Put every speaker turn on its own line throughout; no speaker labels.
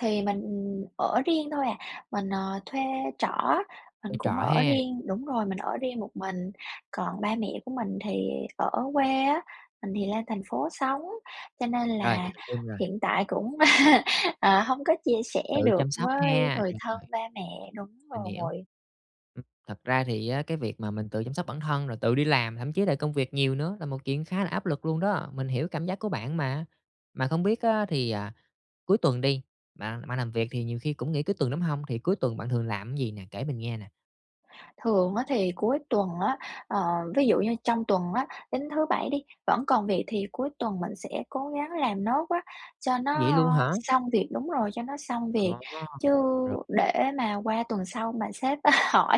Thì mình ở riêng thôi à, mình, ờ, thuê trọ á, mình
Ở trọ
cũng ở
ha.
riêng đúng rồi, mình ở riêng một mình. Còn ba mẹ của mình thì ở quê á, mình thì lên thành phố sống, cho nên
Rồi,
là
mình hình dung rồi.
hiện tại cũng ờ, hông có chia sẻ
Tự
được
chăm sóc
với
ha,
người thân,
rồi.
ba mẹ. Đúng
Mình hiểu.
rồi.
Ừm, thật ra thì á, cái việc mà mình tự chăm sóc bản thân rồi tự đi làm, thậm chí là công việc nhiều nữa là một chuyện khá là áp lực luôn đó. Mình hiểu cảm giác của bạn mà. Mà không biết á, thì à, cuối tuần đi, bạn bạn làm việc thì nhiều khi cũng nghỉ cuối tuần, đúng hông? Thì cuối tuần bạn thường làm gì nè, kể mình nghe nè?
Thường á, thì cuối tuần á, ờ, ví dụ như trong tuần á, đến thứ Bảy đi, vẫn còn việc thì cuối tuần mình sẽ cố gắng làm nốt á, cho
Vậy
nó
luôn hả?
xong việc đúng rồi, cho nó xong
À
việc.
ha,
Chứ để
rồi.
mà qua tuần sau mà sếp hỏi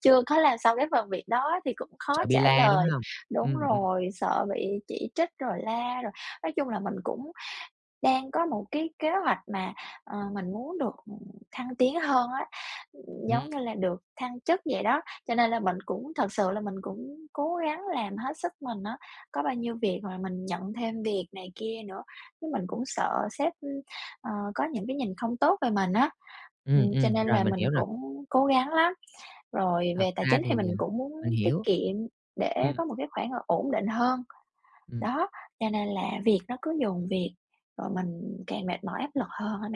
chưa có làm xong cái phần việc đó thì cũng
Sợ
khó
bị
trả
la, đúng
lời
hông?
đúng
Ừm, ừm.
rồi, sợ bị chỉ trích rồi la. Rồi nói chung là mình cũng đang có một cái kế hoạch mà, ờ, mình muốn được thăng tiến hơn á, ừm,
Ừm.
giống như là được thăng chức vậy đó. Cho nên là mình cũng thực sự là mình cũng cố gắng làm hết sức mình á, có bao nhiêu việc mà mình nhận thêm việc này kia nữa. Chứ mình cũng sợ sếp, ờ, có những cái nhìn không tốt về mình á.
Ừm,
Ừm, cho
ừm,
nên
rồi,
là
mình
mình
hiểu rồi.
cũng cố gắng lắm. Rồi,
Thật
về tài
ra
chính
thì,
thì
ờ
mình cũng muốn
mình
tiết
hiểu.
kiệm để
Ừm.
có một cái khoản ổn định hơn.
Ừm.
Đó, cho nên là việc nó cứ dồn việc, rồi mình càng mệt mỏi áp lực hơn á bạn.